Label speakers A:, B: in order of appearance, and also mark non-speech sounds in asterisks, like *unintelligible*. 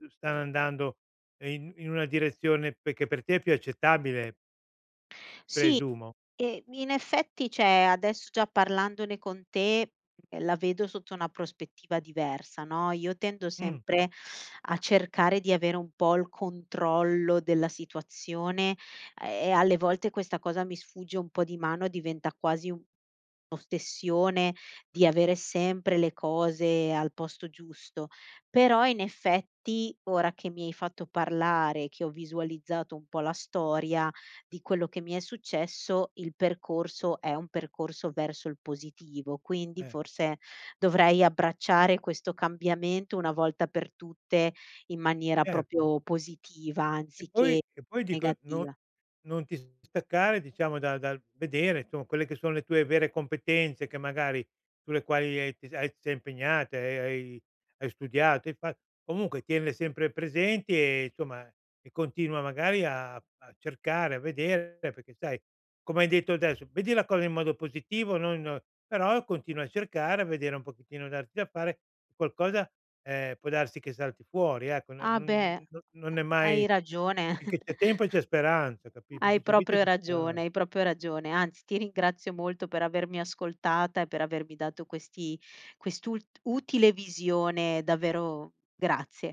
A: *unintelligible* stanno andando in in una direzione perché per te è più accettabile?
B: Sì,
A: Presumo.
B: ehm, in effetti cioè adesso già parlandone con te, ehm, la vedo sotto una prospettiva diversa, no, io tendo
A: Mh.
B: sempre a cercare di avere un po' il controllo della situazione, e alle volte questa cosa mi sfugge un po' di mano e diventa quasi un'ossessione di avere sempre le cose al posto giusto. Però in effetti, ora che mi hai fatto parlare, che ho visualizzato un po' la storia di quello che mi è successo, il percorso è un percorso verso il positivo. Quindi
A: Eh.
B: forse dovrei abbracciare questo cambiamento una volta per tutte in maniera
A: Certo.
B: proprio positiva
A: Che poi
B: anziché
A: che poi dico, non
B: negativa.
A: non ti distaccare diciamo da dal vedere insom quelle che sono le tue vere competenze che magari sulle quali hai t hai ti sei impegnata e hai hai hai studiato, hai fat comunque tienle sempre presenti e insomma e continua magari a a cercare, a vedere, perché sai, come hai detto adesso, vedi la cosa in modo positivo, non non però continua a cercare, a vedere un pochettino, darti da fare, qualcosa, ehm, può darsi che salti fuori, ecco, no
B: Ah
A: n
B: beh,
A: non
B: ha
A: è
B: hai
A: mai
B: ragione.
A: finché c'è tempo c'è speranza,
B: *chuckles*
A: capit
B: Hai
A: finché c'è vita
B: proprio
A: c'è
B: ragione,
A: speran
B: hai proprio ragione, anzi ti ringrazio molto per avermi ascoltata e per avermi dato questi quest'ul utile visione, davvero grazie.